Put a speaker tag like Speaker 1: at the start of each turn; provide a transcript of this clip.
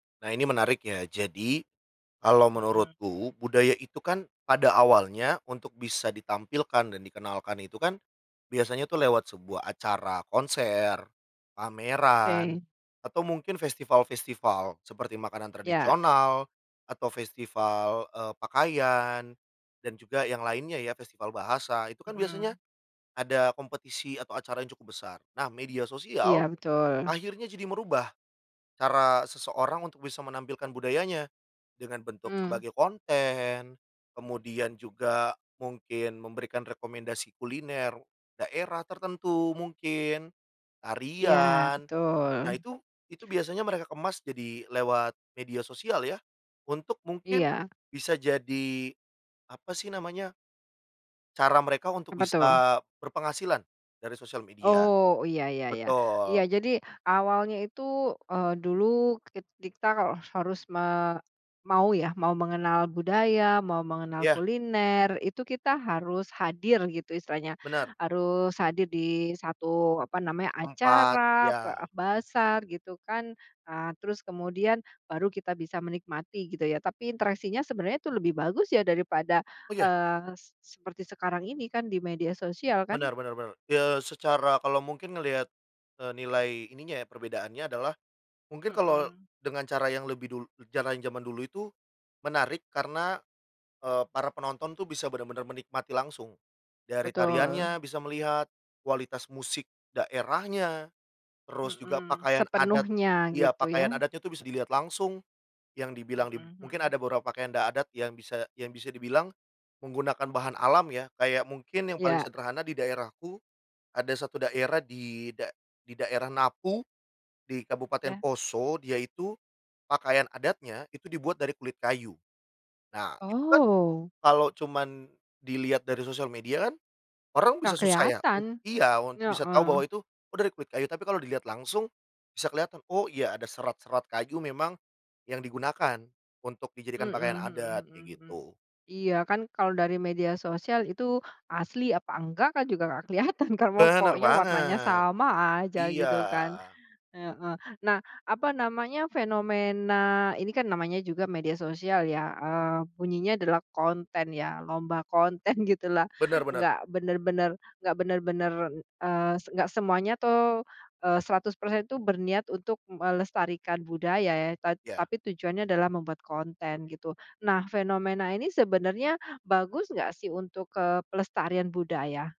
Speaker 1: Nah ini menariknya. Jadi, kalo
Speaker 2: Mhm.
Speaker 1: menurutku budaya itu kan pada awalnya untuk bisa ditampilkan dan dikenalkan itu kan biasanya tuh lewat sebuah acara konser, pameran,
Speaker 2: Oke.
Speaker 1: atau mungkin festival-festival seperti makanan
Speaker 2: Iya.
Speaker 1: tradisional atau festival, eee, pakaian dan juga yang lainnya ya, festival bahasa. Itu kan biasanya
Speaker 2: Mhm.
Speaker 1: ada kompetisi atau acara yang cukup besar, nah media
Speaker 2: Iya,
Speaker 1: sosial
Speaker 2: betul.
Speaker 1: akhirnya jadi merubah cara seseorang untuk bisa menampilkan budayanya dengan bentuk
Speaker 2: Mmm.
Speaker 1: sebagai konten, kemudian juga mungkin memberikan rekomendasi kuliner daerah tertentu mungkin,
Speaker 2: Iya,
Speaker 1: tarian.
Speaker 2: betul.
Speaker 1: Nah, itu itu biasanya mereka kemas jadi lewat media sosial ya, untuk mungkin
Speaker 2: Iya.
Speaker 1: bisa jadi, apa sih namanya? Cara mereka untuk
Speaker 2: Apa tuh?
Speaker 1: bisa berpenghasilan dari sosial media.
Speaker 2: Oh, iya iya iya. Iya
Speaker 1: Betul.
Speaker 2: jadi awalnya itu, eee, dulu kit kit kita kalo harus me mau ya, mau mengenal budaya, mau mengenal
Speaker 1: Iya.
Speaker 2: kuliner, itu kita harus hadir gitu istilahnya.
Speaker 1: Bener.
Speaker 2: Harus hadir di 1, apa namanya,
Speaker 1: Tempat,
Speaker 2: acara ba
Speaker 1: ya.
Speaker 2: bazar gitu kan, eee, terus kemudian baru kita bisa menikmati gitu ya, tapi interaksinya sebenarnya itu lebih bagus ya daripada,
Speaker 1: Oh, iya?
Speaker 2: eee, s seperti sekarang ini kan di media sosial kan?
Speaker 1: Bener bener bener. Ya secara kalo mungkin ngelihat, eee, nilai ininya ya, perbedaannya adalah mungkin kalo
Speaker 2: Mhm.
Speaker 1: dengan cara yang lebih dul cara yang zaman dulu itu menarik karena, eee, para penonton tuh bisa bener-bener menikmati langsung dari
Speaker 2: Betul.
Speaker 1: tariannya bisa melihat, kualitas musik daerahnya, terus juga
Speaker 2: Mhm,
Speaker 1: pakaian adat
Speaker 2: sepenuhnya
Speaker 1: iya,
Speaker 2: gitu
Speaker 1: pakaian
Speaker 2: ya.
Speaker 1: adatnya tuh bisa dilihat langsung, yang dibilang di
Speaker 2: Mhm
Speaker 1: mungkin
Speaker 2: mhm.
Speaker 1: ada beberapa pakaian da adat yang bisa yang bisa dibilang menggunakan bahan alam ya. Kayak mungkin yang paling
Speaker 2: Iya.
Speaker 1: sederhana di daerahku, ada 1 daerah di da di daerah Napu di Kabupaten
Speaker 2: Ya.
Speaker 1: Poso, dia itu pakaian adatnya itu dibuat dari kulit kayu. Nah, itu kan
Speaker 2: Oh.
Speaker 1: kalo cuman dilihat dari sosial media kan orang
Speaker 2: Nggak
Speaker 1: bisa susah ya
Speaker 2: kelihatan.
Speaker 1: iya, untuk bisa tahu bahwa
Speaker 2: Heeh.
Speaker 1: itu, "Oh dari kulit kayu," tapi kalo dilihat langsung bisa kelihatan, "Oh iya ada serat-serat kayu memang yang digunakan untuk dijadikan
Speaker 2: Mhm
Speaker 1: pakaian
Speaker 2: mhm
Speaker 1: adat,"
Speaker 2: mhm
Speaker 1: kayak
Speaker 2: mhm.
Speaker 1: gitu
Speaker 2: Iya kan kalo dari media sosial itu, asli apa enggak kan juga nggak kelihatan kan, mau
Speaker 1: Bener
Speaker 2: pokoknya warnanya
Speaker 1: banget.
Speaker 2: sama aja
Speaker 1: Iya.
Speaker 2: gitu kan. Heeh, nah apa namanya, fenomena ini kan namanya juga media sosial ya, eee, bunyinya adalah konten ya, lomba konten gitulah,
Speaker 1: Bener bener.
Speaker 2: nggak bener-bener nggak bener-bener, eee, s enggak semuanya tuh, eee, 100% tuh berniat untuk melestarikan budaya ya ta
Speaker 1: Iya.
Speaker 2: tapi tujuannya adalah membuat konten, gitu. Nah fenomena ini sebenarnya bagus enggak sih untuk, eee, pelestarian budaya?